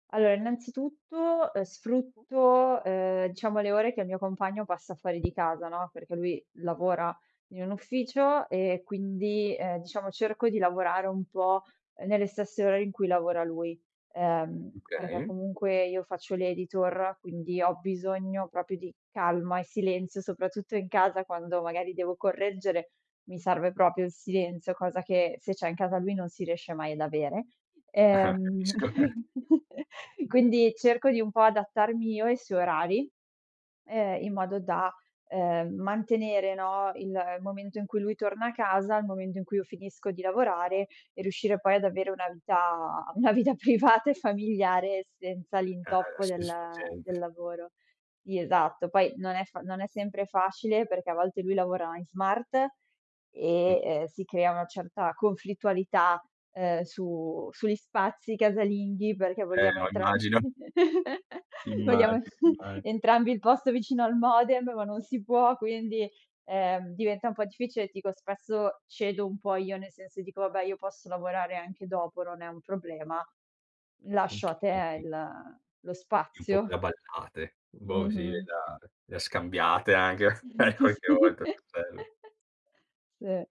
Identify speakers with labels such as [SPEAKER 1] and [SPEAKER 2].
[SPEAKER 1] Allora, innanzitutto, ehm sfrutto, ehm, diciamo le ore che il mio compagno passa fuori di casa, no, perché lui lavora in un ufficio e quindi ehm diciamo cerco di lavorare un po' nelle stesse ore in cui lavora lui ehm perché
[SPEAKER 2] Okay.
[SPEAKER 1] comunque io faccio l'editor, quindi ho bisogno proprio di calma e silenzio, soprattutto in casa quando magari devo correggere, mi serve proprio il silenzio, cosa che se c'è in casa lui non si riesce mai ad avere.
[SPEAKER 2] Ah,
[SPEAKER 1] Ehm
[SPEAKER 2] capisco.
[SPEAKER 1] quindi cerco di un po' adattarmi io ai suoi orari, ehm in modo da ehm mantenere, no, il momento in cui lui torna a casa, il momento in cui io finisco di lavorare e riuscire poi ad avere una vita una vita privata e familiare senza
[SPEAKER 2] Ah,
[SPEAKER 1] l'intoppo del del
[SPEAKER 2] soddisfacente.
[SPEAKER 1] lavoro. Sì, esatto. Poi non è non fa non è sempre facile perché a volte lui lavora in smart
[SPEAKER 2] Mh.
[SPEAKER 1] e ehm si crea una certa conflittualità ehm su sugli spazi casalinghi, perché
[SPEAKER 2] Eh
[SPEAKER 1] vogliamo
[SPEAKER 2] no,
[SPEAKER 1] entrambi,
[SPEAKER 2] immagino.
[SPEAKER 1] vogliamo
[SPEAKER 2] Immagino imma
[SPEAKER 1] entrambi il posto vicino al modem, ma non si può, quindi ehm diventa un po' difficile. Dico spesso cedo un po' io, nel senso dico vabbè io posso lavorare anche dopo, non è un problema, lascio a te
[SPEAKER 2] Okay.
[SPEAKER 1] il lo
[SPEAKER 2] Un po' più
[SPEAKER 1] spazio.
[SPEAKER 2] [unintelligible] boh sì le
[SPEAKER 1] Mh-mh.
[SPEAKER 2] da le ha scambiate anche qualche
[SPEAKER 1] Sì,
[SPEAKER 2] volta, bel
[SPEAKER 1] sì.